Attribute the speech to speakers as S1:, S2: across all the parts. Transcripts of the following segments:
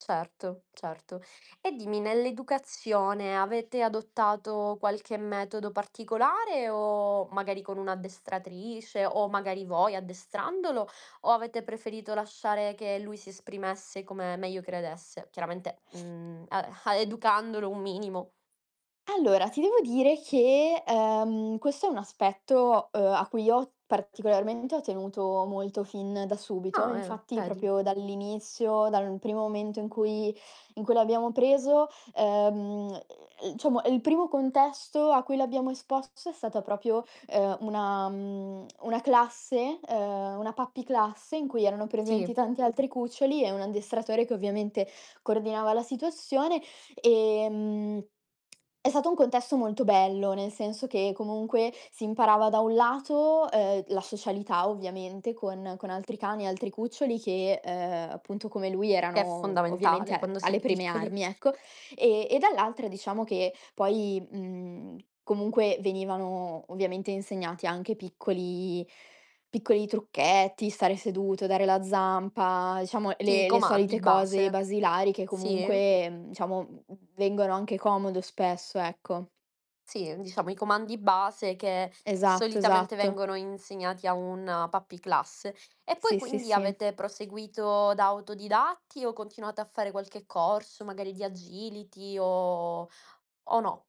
S1: Certo, certo. E dimmi, nell'educazione avete adottato qualche metodo particolare o magari con un'addestratrice o magari voi addestrandolo, o avete preferito lasciare che lui si esprimesse come meglio credesse? Chiaramente, mhmm, a a educandolo un minimo.
S2: Allora, ti devo dire che, ehm, questo è un aspetto, uhm, a cui io ho particolarmente ho tenuto molto fin da subito.
S1: Ah, eh.
S2: Infatti,
S1: Vedi?
S2: proprio dall'inizio, dal primo momento in cui in cui l'abbiamo preso, ehm, mhmm, diciamo il primo contesto a cui l'abbiamo esposto è stata proprio, uhm, una mhmm, una classe, ehm, una puppy class in cui erano presenti
S1: Sì.
S2: tanti altri cuccioli e un addestratore che ovviamente coordinava la situazione. Ehm, è stato un contesto molto bello, nel senso che comunque si imparava da un lato, uhm, la socialità ovviamente con con altri cani, altri cuccioli che, uhm, appunto, come lui
S1: Che è
S2: erano ovviamente
S1: fondamentale
S2: a
S1: quando si è
S2: alle prime
S1: piccoli.
S2: armi, ecco, e e dall'altra diciamo che poi, mhmm, comunque venivano ovviamente insegnati anche piccoli piccoli trucchetti, stare seduto, dare la zampa, diciamo
S1: Sì, i
S2: le le solite
S1: comandi
S2: cose
S1: base.
S2: basilari, che
S1: Sì.
S2: comunque, mhmm, diciamo v vengono anche comodo spesso, ecco.
S1: Sì, diciamo i comandi base che
S2: Esatto,
S1: solitamente
S2: esatto.
S1: vengono insegnati a una puppy class. E poi
S2: Sì, sì,
S1: quindi
S2: sì.
S1: avete proseguito da autodidatti o continuate a fare qualche corso, magari di agility o o no?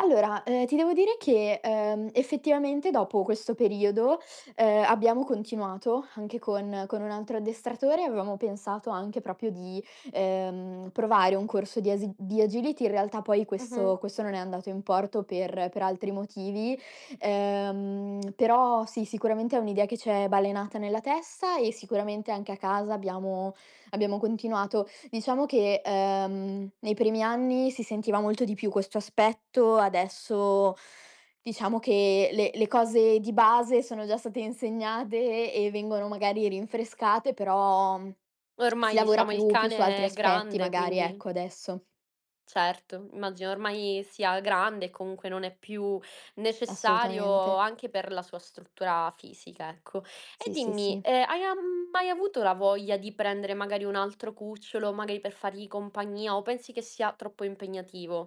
S2: Allora, uhm, ti devo dire che, uhm, effettivamente dopo questo periodo, uhm, abbiamo continuato anche con con un altro addestratore, avevamo pensato anche proprio di, ehm, provare un corso di as di agility. In realtà poi questo
S1: Mh-mh.
S2: questo non è andato in porto per per altri motivi. Uhm, però sì, sicuramente è un'idea che ci è balenata nella testa e sicuramente anche a casa abbiamo abbiamo continuato. Diciamo che, ehm, nei primi anni si sentiva molto di più questo aspetto, adesso diciamo che le le cose di base sono già state insegnate e vengono magari rinfrescate, però si
S1: Ormai
S2: lavora
S1: diciamo il
S2: più più su altri
S1: cane è
S2: aspetti,
S1: grande,
S2: magari,
S1: quindi.
S2: ecco, adesso.
S1: Certo, immagino ormai sia grande e comunque non è più necessario
S2: Assolutamente.
S1: anche per la sua struttura fisica, ecco. E
S2: Sì, sì,
S1: dimmi,
S2: sì.
S1: ehm, hai am mai avuto la voglia di prendere, magari, un altro cucciolo, magari per fargli compagnia o pensi che sia troppo impegnativo?